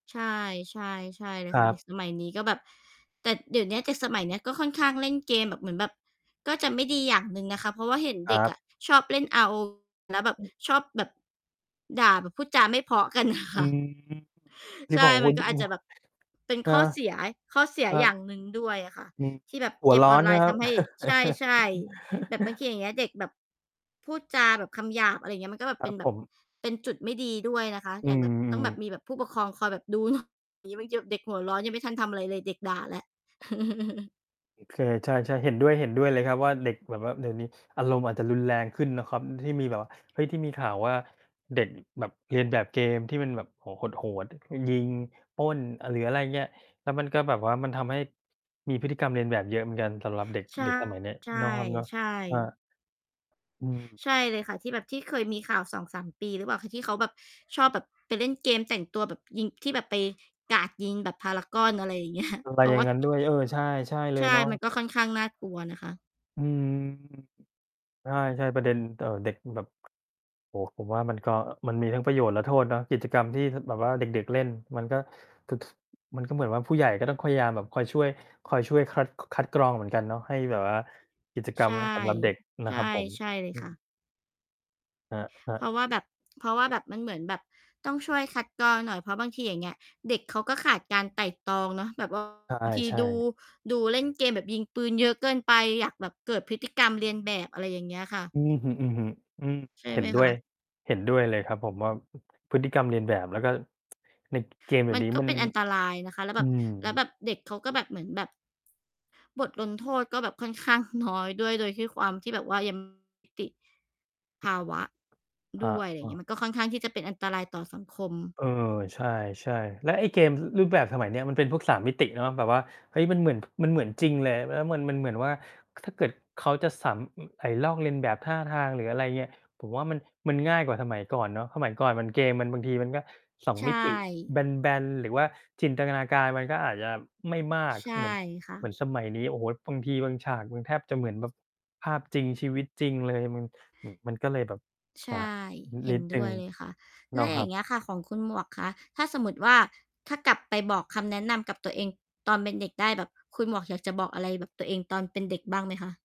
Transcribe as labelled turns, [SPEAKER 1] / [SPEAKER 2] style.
[SPEAKER 1] ใช่ ๆ ใช่เล
[SPEAKER 2] ค
[SPEAKER 1] ย
[SPEAKER 2] ร
[SPEAKER 1] ค่
[SPEAKER 2] ั
[SPEAKER 1] ะ เด็
[SPEAKER 2] บ
[SPEAKER 1] กสมัยนี้ก็แบบ แต่เดี๋ยวนี้เด็กสมัยนี้ ก็ค่อนข้างเล่นเกมแบบเหมือนแบบ ก็จะไม่ดีอย่างหนึ่งนะคะ เพราะว่าเห็น
[SPEAKER 2] ค
[SPEAKER 1] เ
[SPEAKER 2] ร
[SPEAKER 1] ด็
[SPEAKER 2] ั
[SPEAKER 1] ก
[SPEAKER 2] บ
[SPEAKER 1] อะ ชอบเล่น RO V แล้วแบบ
[SPEAKER 2] อืม
[SPEAKER 1] ชอบแบบ ด่าแบบพูดจาไม่เพราะ กัน
[SPEAKER 2] อื
[SPEAKER 1] ค่ะ
[SPEAKER 2] ม ที
[SPEAKER 1] ใ
[SPEAKER 2] ่
[SPEAKER 1] ช
[SPEAKER 2] บ
[SPEAKER 1] ่
[SPEAKER 2] อกว
[SPEAKER 1] มั
[SPEAKER 2] ่า
[SPEAKER 1] นก
[SPEAKER 2] น
[SPEAKER 1] ็
[SPEAKER 2] ี่
[SPEAKER 1] อาจ
[SPEAKER 2] เ
[SPEAKER 1] จ
[SPEAKER 2] นา
[SPEAKER 1] ะ
[SPEAKER 2] ะ
[SPEAKER 1] แบบเป็น
[SPEAKER 2] เออ
[SPEAKER 1] ข้อเสีย ข้อเสีย
[SPEAKER 2] ใช่เปล่า? ค
[SPEAKER 1] อย
[SPEAKER 2] รั
[SPEAKER 1] ่
[SPEAKER 2] บ
[SPEAKER 1] างหนึ่งด้วยอะค่ะ
[SPEAKER 2] อืม
[SPEAKER 1] ที่แบบ
[SPEAKER 2] หั
[SPEAKER 1] เก
[SPEAKER 2] ว
[SPEAKER 1] ม
[SPEAKER 2] ร้อ
[SPEAKER 1] ออน
[SPEAKER 2] น
[SPEAKER 1] ไล
[SPEAKER 2] ใช่ไ
[SPEAKER 1] น
[SPEAKER 2] หม
[SPEAKER 1] ์
[SPEAKER 2] ค
[SPEAKER 1] ท
[SPEAKER 2] รับ
[SPEAKER 1] ำให้ ใช่ ๆ แบบบางที อย่างเงี้ย เด็กแบบ พูดจาแบบคำหยาบ อะไรอย่างเงี้ย มันก็แบ
[SPEAKER 2] ค
[SPEAKER 1] บ
[SPEAKER 2] ร
[SPEAKER 1] เป
[SPEAKER 2] ั
[SPEAKER 1] ็
[SPEAKER 2] บ
[SPEAKER 1] นแบ
[SPEAKER 2] ผ
[SPEAKER 1] บ
[SPEAKER 2] ม
[SPEAKER 1] เป็นจุดไม่ดีด้วยนะคะ
[SPEAKER 2] อื
[SPEAKER 1] อย่างแบบ ต้อง
[SPEAKER 2] ม
[SPEAKER 1] แบ
[SPEAKER 2] ๆ
[SPEAKER 1] บมีแบบผู้ปกครองคอยแบบ ดูเนาะ อี๋ ไปจับเด็กหัวร้อนยังไม่ทันทำอะไรเลย เด็กด่าแล้ว
[SPEAKER 2] เคย ใช่ ๆ เห็นด้วย ๆ เลยครับว่า เด็กแบบว่าเดี๋ยวนี้อารมณ์อาจจะรุนแรงขึ้นนะครับ ที่มีแบบว่า เฮ้ย ที่มีข่าวว่า เด็กแบบเลียนแบบเกมที่มันแบบ โอ้โฮ โหด ๆ มันยิง ปล้น อ หรืออะไรอย่างเงี้ย แล้วมันก็แบบว่ามันทำให้มีพฤติกรรมเลียนแบบเยอะเหมือนกันสำหรับ เด็ก
[SPEAKER 1] ใช่
[SPEAKER 2] เด็กสมัยเนี้ย
[SPEAKER 1] ใ
[SPEAKER 2] เนาะครับเนาะ
[SPEAKER 1] ช่
[SPEAKER 2] อ
[SPEAKER 1] ๆ
[SPEAKER 2] า อืม
[SPEAKER 1] ใช่เลยค่ะ ที่แบบที่เคยมีข่าว 2-3 ปีหรือเปล่าคะ ที่เขาแบบชอบแบบไปเล่นเกมแต่งตัวแบบยิง ที่แบบไปกราดยิงแบบพารากอน อะไรอย่าง เงี้ย
[SPEAKER 2] มันไป
[SPEAKER 1] เพรา
[SPEAKER 2] อย
[SPEAKER 1] ะ
[SPEAKER 2] ่า
[SPEAKER 1] ว
[SPEAKER 2] ง
[SPEAKER 1] ่า
[SPEAKER 2] งั้นด้วย
[SPEAKER 1] [unintelligible]
[SPEAKER 2] เออ ใช่ ใช่เล
[SPEAKER 1] ใช
[SPEAKER 2] ย
[SPEAKER 1] ่
[SPEAKER 2] เนาะ
[SPEAKER 1] มันก็ค่อนข้างน่ากลัวนะคะ
[SPEAKER 2] อืม ใช่ ๆ ประเด็น เอ่อ เด็กมันแบบ โอ้โฮ ผมว่ามันก็ มันมีทั้งประโยชน์และโทษเนาะ กิจกรรมที่ ถ แบบว่าเด็ก ๆ เล่น มันก็ ค มันก็เหมือนว่า ผู้ใหญ่ก็ต้องพยายามแบบ คอยช่วย คอยช่วย คัด คัดกรองเหมือนกันเนาะ ให้แบบว่ากิจกร
[SPEAKER 1] ใช
[SPEAKER 2] รม
[SPEAKER 1] ่
[SPEAKER 2] สำหรับเด็กน
[SPEAKER 1] ใ
[SPEAKER 2] ะ
[SPEAKER 1] ช
[SPEAKER 2] ค
[SPEAKER 1] ่
[SPEAKER 2] รับผม
[SPEAKER 1] ใช่เล
[SPEAKER 2] อ
[SPEAKER 1] ย
[SPEAKER 2] ื
[SPEAKER 1] ค่ะ
[SPEAKER 2] ม ครับ ครั
[SPEAKER 1] เ
[SPEAKER 2] บ
[SPEAKER 1] พราะว่าแบบ เพราะว่าแบบมันเหมือนแบบต้องช่วยคัดกรองหน่อย เพราะบางที อย่างเงี้ย เด็กเขาก็ขาดการไตร่ตรองเนาะ แบบ ว่า
[SPEAKER 2] ใช่
[SPEAKER 1] บางที
[SPEAKER 2] ใช
[SPEAKER 1] ดู
[SPEAKER 2] ่
[SPEAKER 1] ดูเล่นเกมแบบยิงปืนเยอะเกินไป อยากแบบเกิดพฤติกรรมเลียนแบบ อะไรอย่างเงี้ยค่ะ
[SPEAKER 2] อือฮึ ๆ อืม
[SPEAKER 1] ใช่
[SPEAKER 2] เห็
[SPEAKER 1] ไห
[SPEAKER 2] น
[SPEAKER 1] ม
[SPEAKER 2] ด้
[SPEAKER 1] ค
[SPEAKER 2] ว
[SPEAKER 1] ะ?
[SPEAKER 2] ย เห็นด้วยเลยครับ ผมว่า พฤติกรรมเลียนแบบ แล้วก็ ติดเกมส์เดี๋
[SPEAKER 1] ม
[SPEAKER 2] ย
[SPEAKER 1] ั
[SPEAKER 2] ว
[SPEAKER 1] น
[SPEAKER 2] นี้
[SPEAKER 1] ก็
[SPEAKER 2] มัน
[SPEAKER 1] เป็นอันตรายนะคะ แล้วแ
[SPEAKER 2] อ
[SPEAKER 1] บ
[SPEAKER 2] ื
[SPEAKER 1] บ
[SPEAKER 2] ม
[SPEAKER 1] แล้วแบบเด็กเขาก็แบบ เหมือนแบบ ส บทลงโทษก็แบบค่อน ข้าง น้อยด้วย โดยที่ความที่แบบว่า ยัง มิติภาวะ
[SPEAKER 2] คร
[SPEAKER 1] ด
[SPEAKER 2] ั
[SPEAKER 1] ้ว
[SPEAKER 2] บ
[SPEAKER 1] ย อะไรอ
[SPEAKER 2] อ
[SPEAKER 1] ย่
[SPEAKER 2] ้
[SPEAKER 1] าง
[SPEAKER 2] อ
[SPEAKER 1] เงี้ย มันก็ค่อนข้างที่จะเป็นอันตรายต่อสังคม
[SPEAKER 2] เออ ใช่ ๆ แล้วไอ้เกม ร รูปแบบสมัยนี้ มันเป็นพวก 3 มิติเนาะ แบบว่า เฮ้ย มันเหมือน มันเหมือนจริงเลย แล้วมัน มันเหมือนว่า ถ้าเกิดเขาจะสำ อ ไอ้ลอกเลียนแบบท่าทาง หรืออะไรเงี้ย ผมว่า มัน มันง่ายกว่าสมัยก่อนเนาะ สมัยก่อนมันเกมมันบางทีมัน ก็ 2
[SPEAKER 1] ใช
[SPEAKER 2] มิติ
[SPEAKER 1] ่
[SPEAKER 2] แบน ๆ หรือว่าจินตนาการมันก็อาจจะไม่มาก
[SPEAKER 1] ใช่
[SPEAKER 2] เหมือน
[SPEAKER 1] ค่
[SPEAKER 2] เหมือ
[SPEAKER 1] ะ
[SPEAKER 2] นสมัยนี้ โอ้โฮ บางทีบางฉากมันแทบจะเหมือนแบบภาพจริง ชีวิตจริงเลยอะมึง อือ มันก็เลยแบบ
[SPEAKER 1] ใช
[SPEAKER 2] อา
[SPEAKER 1] ่ เห
[SPEAKER 2] น
[SPEAKER 1] ็
[SPEAKER 2] ิ
[SPEAKER 1] น
[SPEAKER 2] ดหน
[SPEAKER 1] ด
[SPEAKER 2] ึ่
[SPEAKER 1] ้
[SPEAKER 2] ง
[SPEAKER 1] วยเลยค่ะ
[SPEAKER 2] เ
[SPEAKER 1] แ
[SPEAKER 2] น
[SPEAKER 1] ล
[SPEAKER 2] า
[SPEAKER 1] ้
[SPEAKER 2] ะ
[SPEAKER 1] วอ
[SPEAKER 2] ค
[SPEAKER 1] ย
[SPEAKER 2] ร
[SPEAKER 1] ่า
[SPEAKER 2] ั
[SPEAKER 1] ง
[SPEAKER 2] บ
[SPEAKER 1] เงี้ยค่ะ ของคุณหมวกคะ ถ้าสมมุติว่า ถ้ากลับไปบอกคำแนะนำกับตัวเองตอนเป็นเด็กได้แบบ คุณหมวกอยากจะบอกอะไรแบบตัวเองตอนเป็นเด็กบ้างไหมคะ?